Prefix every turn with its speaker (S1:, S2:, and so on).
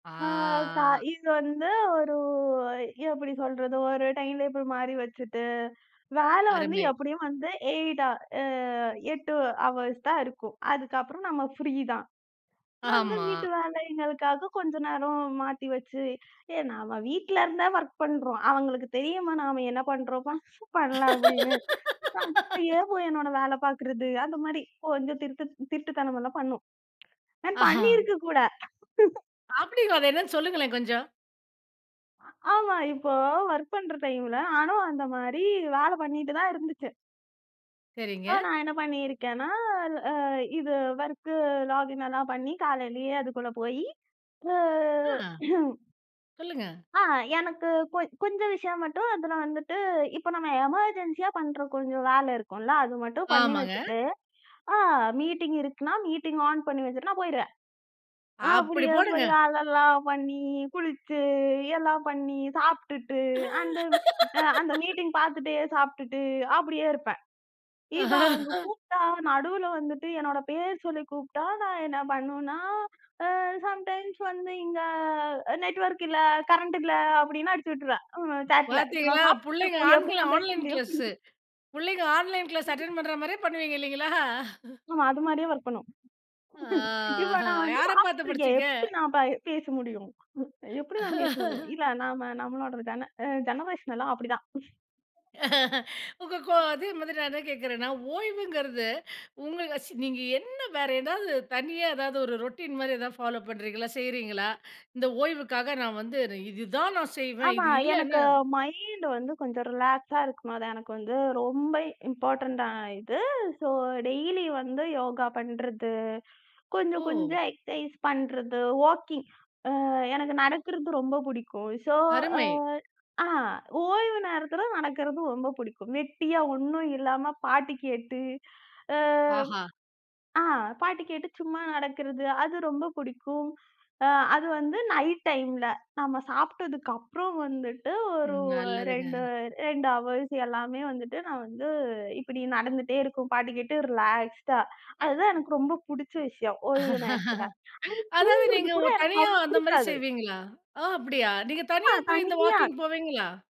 S1: ஆ. தா
S2: ஆ.
S1: இது வந்து ஒரு எப்படி சொல்றது? ஒரு டைம் டேபிள் மாரி வச்சிட்டு, வேலை வந்து
S2: அருமை.
S1: எப்படியும் வந்து 8 ஆர், அ 8 ஹவர்ஸ் தான் இருக்கும். அதுக்கப்புறம் நம்ம ஃப்ரீ தான். அந்த
S2: ஆமா.
S1: வீட்டு வேலைங்களுக்காகக் கொஞ்ச நேரம் மாத்தி வச்சு, எ நம்ம வீட்டுலருந்தே வொர்க் பண்றோம். அவங்களுக்கு தெரியுமா நாம என்ன பண்றோம்? பண் பண்ணல அப்படின்னு. அப்படியே போய் என்னோட வேலை பார்க்கிறது, அந்த மாரி, கொஞ்சம் திருட்டு திருட்டுத்தனம் எல்லாம் பண்ணும். நான் பண்ணி
S2: அஹ.
S1: இருக்கு கூட.
S2: அப்படிங்களா? அது என்னன்னு சொல்லுங்களேன் கொஞ்சம்.
S1: ஆமா, இப்போ வொர்க் பண்ற டைம்ல, ஆனா அந்த மாதிரி வேலை பண்ணிட்டு தான் இருந்துச்சு.
S2: சரிங்க.
S1: அ நான் என்ன பண்ணி இருக்கேன்னா, அ இது வொர்க் லாக்இன் எல்லாம் பண்ணி காலையிலேயே அதுக்குள்ள போயி, அ.
S2: அ, சொல்லுங்க.
S1: அ, எனக்குக் கொஞ் கொஞ்ச விஷயம் மட்டும் அதுல வந்துட்டு, இப்ப நம்ம எமர்ஜென்சியாப் பண்ற கொஞ்சம் வேலை இருக்கும்ல்ல. அது மட்டும் பண்ணி
S2: ஆமாங்க.
S1: வச்சிட்டு, அ மீட்டிங் இருக்குன்னா, மீட்டிங் ஆன் பண்ணி வச்சிட்டு நான் போயிருவேன்.
S2: அப்படி
S1: அப்படியே
S2: போடுங்க!
S1: போய் வேலைல்லாம் பண்ணி, குளிச்சு எல்லாம் பண்ணி, சாப்பிட்டுட்டு, அந்த அ அந்த மீட்டிங் பார்த்துட்டே சாப்பிட்டுட்டு, அப்படியே இருப்பேன். இப்ப அவங்க கூப்ட்டா, நடுவுல வந்துட்டு என்னோட பேர் சொல்லிக் கூப்ட்டா, நான் என்ன பண்ணுனா, அ சம்டைம்ஸ் வந்து இங்க அ நெட்வொர்க் இல்ல, கரண்ட் இல்ல. அப்படின்னு அடிச்சுவிட்ருவேன். ம், சாட்ல. நான்
S2: பாத்தீங்களா?
S1: சாப்பிட்டுட்டு
S2: புள்ளைங்க
S1: இருக்கும்போது
S2: ஆன்
S1: எப்படி நான் பேச
S2: ஆன்லைன்
S1: முடியும்?
S2: க்ளாஸ்ஸு. புள்ளைங்க ஆன்லைன் க்ளாஸ் அட்டென்ட் பண்ற மாரியே பண்ணுவீங்க இல்லீங்களா?
S1: ஆமா, அது மாதிரியே வொர்க் பண்ணும்.
S2: ஆ.
S1: இப்ப நான் வந்து
S2: யார பார்த்து
S1: சாப்பிட்டு இருக்கேன்.
S2: படிச்சீங்க?
S1: எப்படி நான் பை பேச முடியும்? [unintelligible] எப்படி நான் பேச முடியும்? இல்ல நாம நம்மளோட ஜென அ ஜெனரேசன் எல்லாம் அப்படித்தான்.
S2: உங்க கோ அதே மாரி நான் என்ன கேட்கிறேன்னா, ஓய்வுங்கிறது உங்களு சி நீங்க என்ன வேற ஏதாவது தனியா ஏதாவது ஒரு ரொட்டின் மாரி ஏதாவது ஃபாலோ பண்றீங்களா, செய்றீங்களா? இந்த ஓய்வுக்காக நான் வந்து, "இது தான் நான் செய்வேன்.
S1: ஆமா,
S2: இது
S1: எனக்கு
S2: இல்லன்னா"
S1: மைண்ட் வந்து கொஞ்சம் ரிலாக்ஸா இருக்கணும். அது எனக்கு வந்து ரொம்ப இம்பார்டன்ட் ஆயிட்டு. சோ டெய்லி வந்து யோகா பண்றது, கொஞ்சம்,
S2: ஓ!
S1: கொஞ்சம் எக்ஸர்சைஸ் பண்றது, வாக்கிங் அ எனக்கு நடக்கிறது ரொம்ப பிடிக்கும். சோ, அ,
S2: அருமை.
S1: அ, ஓய்வு நேரத்துல நடக்கிறது ரொம்ப பிடிக்கும். வெட்டியா ஒண்ணும் இல்லாம, பாட்டு கேட்டு, அ.
S2: ஆஹா.
S1: அ, பாட்டு கேட்டு சும்மா நடக்கிறது. அது ரொம்ப பிடிக்கும். அ, அது வந்து நைட் டைம்ல. நம்ம சாப்பிட்டதுக்கு அப்புறம் வந்துட்டு ஒரு
S2: ம். நல்லதுங்க.
S1: 2 2 ஹவர்ஸ் எல்லாமே வந்துட்டு நான் வந்து இப்படி நடந்துட்டே இருக்கும். பாட்டு கேட்டு ரிலாக்ஸ்டா. அது தான் எனக்கு ரொம்ப பிடிச்ச விஷயம். ஓய்வு நேரத்துல. [unintelligible]
S2: அதாவது
S1: தூங்குறது
S2: நீங்க
S1: கூட
S2: உ
S1: எனக்கு
S2: தனியா
S1: அவ்வளவு
S2: அந்த மாரி
S1: பிடிக்காது.
S2: செய்வீங்களா? அ அப்படியா! நீங்கத்
S1: ஆமா.
S2: தனியா போய்த் இந்த
S1: தனியா,
S2: வாக்கிங் போவீங்களா?